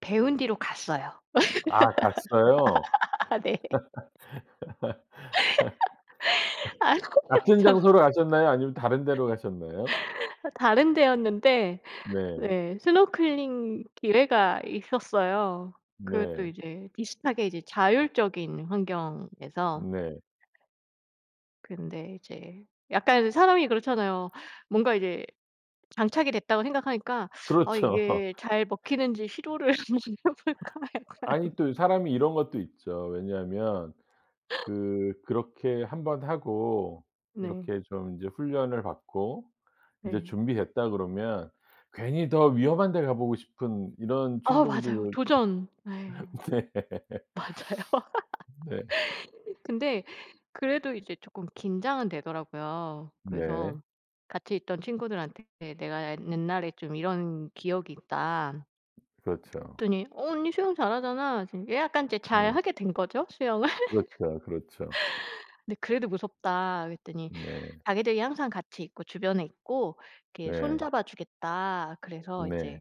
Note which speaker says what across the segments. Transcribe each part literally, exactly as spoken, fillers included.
Speaker 1: 배운 뒤로 갔어요.
Speaker 2: 아 갔어요?
Speaker 1: 아 네. 아이고
Speaker 2: 같은
Speaker 1: 거참.
Speaker 2: 장소로 가셨나요? 아니면 다른 데로 가셨나요?
Speaker 1: 아 다른 데였는데.
Speaker 2: 네.
Speaker 1: 네. 스노클링 기회가 있었어요 그것도
Speaker 2: 네.
Speaker 1: 이제 비슷하게 이제 자율적인 환경에서.
Speaker 2: 네.
Speaker 1: 근데 이제 약간 사람이 그렇잖아요. 뭔가 이제 장착이 됐다고 생각하니까 '아
Speaker 2: 그렇죠.
Speaker 1: 이게 잘 먹히는지 시도를 한번 해 볼까 약간.'
Speaker 2: 아니 또 사람이 이런 것도 있죠. 왜냐하면 그 그렇게 한 번 하고
Speaker 1: 네.
Speaker 2: 이렇게 좀 이제 훈련을 받고 이제
Speaker 1: 네.
Speaker 2: 준비됐다 그러면 괜히 더 위험한 데 가 보고 싶은 이런
Speaker 1: 아 맞아요.
Speaker 2: 충동도
Speaker 1: 도전. 네.
Speaker 2: 네.
Speaker 1: 맞아요.
Speaker 2: 네.
Speaker 1: 근데
Speaker 2: 어.
Speaker 1: 그래도 이제 쪼끔 긴장은 되더라고요.
Speaker 2: 네.
Speaker 1: 그래서 같이 있던 친구들한테 "내가 옛 옛날에 좀 이런 기억이 있다."
Speaker 2: 그렇죠.
Speaker 1: 그랬더니 "어 언니 수영 잘하잖아." 지금 예 약간 이제
Speaker 2: 네.
Speaker 1: 잘하게 된 거죠 수영을.
Speaker 2: 그렇죠, 그렇죠.
Speaker 1: "근데 그래도 무섭다." 그랬더니
Speaker 2: 네.
Speaker 1: 자기들이 항상 같이 있고 주변에 있고 이렇게 손
Speaker 2: 네.
Speaker 1: 잡아 주겠다. 그래서
Speaker 2: 네.
Speaker 1: 이제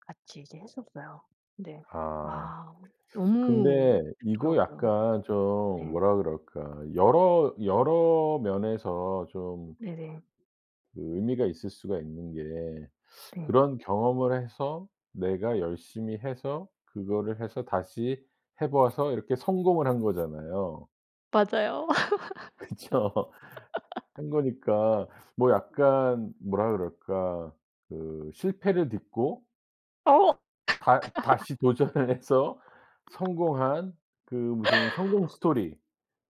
Speaker 1: 같이 이제 했었어요. 근데
Speaker 2: 아.
Speaker 1: 아 너무
Speaker 2: 근데 이거
Speaker 1: 좋더라고요.
Speaker 2: 약간 좀
Speaker 1: 네.
Speaker 2: 뭐라 그럴까. 여러 여러 면에서 좀
Speaker 1: 네네.
Speaker 2: 그 의미가 있을 수가 있는 게
Speaker 1: 네.
Speaker 2: 그런 경험을 해서 내가 열심히 해서 그거를 해서 다시 해 봐서 이렇게 성공을 한 거잖아요.
Speaker 1: 맞아요.
Speaker 2: 그쵸. 한 거니까 뭐 약간 뭐라 그럴까. 그 실패를 딛고
Speaker 1: 어
Speaker 2: 다 다시 도전을 해서 성공한 그 무슨 성공 스토리.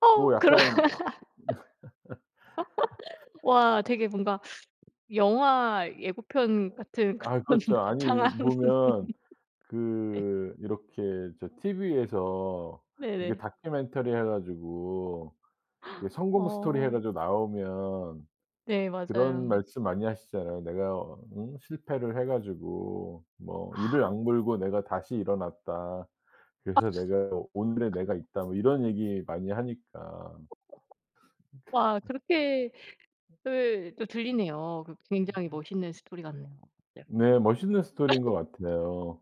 Speaker 1: 어
Speaker 2: 뭐
Speaker 1: 그런
Speaker 2: 약간
Speaker 1: 와 되게 뭔가 영화 예고편
Speaker 2: 어.
Speaker 1: 같은
Speaker 2: 아이
Speaker 1: 그런
Speaker 2: 그렇죠. 아니
Speaker 1: 거창한
Speaker 2: 보면
Speaker 1: 네.
Speaker 2: 그 이렇게 저 TV에서 이게
Speaker 1: 네네.
Speaker 2: 다큐멘터리 해 가지고 이게 성공 스토리 해
Speaker 1: 어.
Speaker 2: 가지고 나오면
Speaker 1: 네
Speaker 2: 그런
Speaker 1: 맞아요.
Speaker 2: 말씀 많이 하시잖아요. 내가 어 응? 실패를 해 가지고 뭐 이를
Speaker 1: 아.
Speaker 2: 악물고 내가 다시 일어났다.
Speaker 1: 아.
Speaker 2: 그래서 내가 오늘의 내가 있다. 뭐 이런 얘기 많이 하니까. 니칸
Speaker 1: 와
Speaker 2: 너.
Speaker 1: 그렇게
Speaker 2: 어.
Speaker 1: 예. 또 들리네요. 어 그 굉장히
Speaker 2: 어디였지?
Speaker 1: 멋있는 스토리 같네요 갑자기.
Speaker 2: 네 멋있는 스토리인 것 같아요.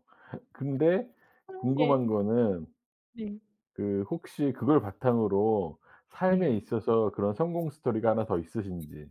Speaker 2: 근데
Speaker 1: 아
Speaker 2: 궁금한
Speaker 1: 네.
Speaker 2: 거는
Speaker 1: 네.
Speaker 2: 그 혹시 그걸 바탕으로 삶에
Speaker 1: 네.
Speaker 2: 있어서 그런 성공 스토리가 하나 더 있으신지.